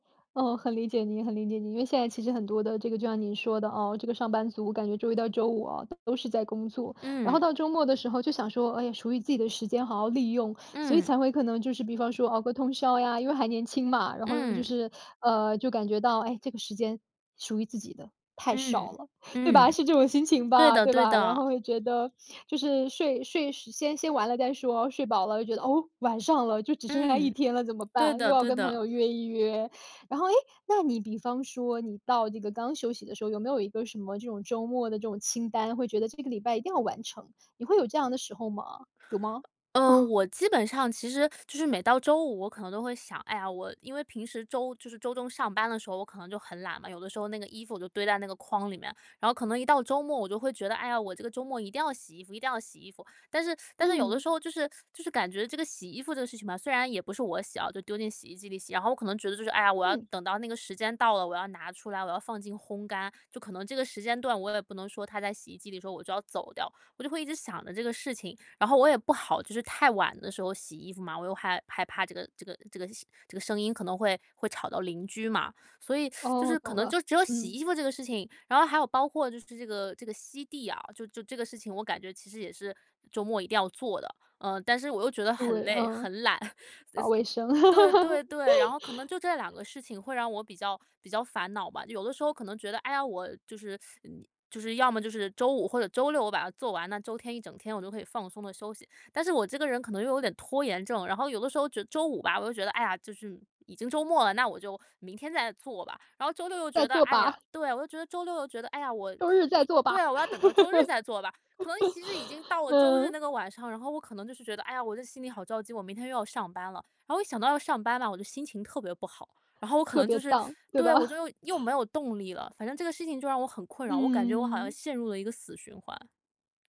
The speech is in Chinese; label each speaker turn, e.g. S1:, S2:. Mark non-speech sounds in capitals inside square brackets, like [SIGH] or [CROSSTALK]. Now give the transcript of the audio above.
S1: 哦，很理解您，很理解您，因为现在其实很多的这个就像您说的，哦，这个上班族，感觉周1到周5哦，都是在工作，然后
S2: 嗯。
S1: 到周末的时候就想说，哎，属于自己的时间好好利用，所以
S2: 嗯。
S1: 才会可能就是比方说熬个通宵呀，因为还年轻嘛，然后就
S2: 嗯。
S1: 是呃，就感觉到，哎，这个时间属于自己的太
S2: 嗯，
S1: 少了，对吧？
S2: 嗯。
S1: 是这种心情
S2: 对
S1: 吧，
S2: 的，
S1: 对
S2: 对
S1: 吧？然
S2: 的。
S1: 后会觉得就是睡睡先先玩了再说，睡饱了就觉得，哦，晚上了，就只剩下1
S2: 嗯，
S1: 天了怎么
S2: 对
S1: 办？又
S2: 的，
S1: 要
S2: 对
S1: 跟朋
S2: 的。
S1: 友约一约。然后，哎，那你比方说你到这个刚休息的时候，有没有一个什么这种周末的这种清单，会觉得这个礼拜一定要完成，你会有这样的时候吗？有吗？
S2: 呃，
S1: [CHUCKLES]
S2: 我基本上其实，[SUCKS TEETH] 就是每到周5我可能都会想，哎呀，我因为平时周就是周中上班的时候我可能就很懒嘛，有的时候那个衣服我就堆在那个筐里面，然后可能一到周末我就会觉得，哎呀，我这个周末一定要洗衣服一定要洗衣服。但是但是有的
S1: 嗯。
S2: 时候就是就是感觉这个洗衣服这个事情吧虽然也不是我洗哦，就丢进洗衣机里洗，然后我可能觉得就是，哎呀，我要
S1: 嗯。
S2: 等到那个时间到了，我要拿出来，我要放进烘干，就可能这个时间段我也不能说它在洗衣机里的时候我就要走掉，我就会一直想着这个事情。然后我也不好就是太晚的时候洗衣服嘛，我又害害怕这个这个这个洗这个声音可能会会吵到邻居嘛。所以，[SUCKS TEETH] 就
S1: 哦，
S2: 是可
S1: 懂
S2: 能就
S1: 了，
S2: 只有洗
S1: 嗯。
S2: 衣服这个事情，然后还有包括就是这个这个吸地啊，就就这个事情我感觉其实也是周末一定要做的，呃，但是我又觉得很
S1: 对，
S2: 累、
S1: 嗯，
S2: 很懒，
S1: 搞卫生。
S2: [LAUGHS] 这对对对，然后可能
S1: [LAUGHS]
S2: 就这2个事情会让我比较比较烦恼吧，有的时候可能觉得，哎呀，我就是就是要么就是周5或者周6我把它做完，那周天一整天我就可以放松地休息。但是我这个人可能又有点拖延症，然后有的时候觉周5吧，我就觉得，哎呀，就是已经周末了，那我就明天再做吧，然后周六又
S1: 再
S2: 觉得
S1: 做
S2: 哎呀
S1: 吧。
S2: 对，我就觉得周6又觉得，哎呀，我
S1: 周日再
S2: 我
S1: 做
S2: 对
S1: 吧。
S2: 啊，我要等到周日
S1: [LAUGHS]
S2: 再做吧，可能其实已经到了周日
S1: 嗯。
S2: 那个晚上，然后我可能就是觉得，哎呀，我这心里好着急，我明天又要上班了，然后我一想到要上班嘛，我就心情特别不好，然后我可
S1: 特
S2: 能
S1: 别
S2: 就是
S1: down，对
S2: 对，我就
S1: 吧？
S2: 又又没有动力了，反正这个事情就让我很困扰，我感觉我好像
S1: 嗯。
S2: 陷入了一个死循环。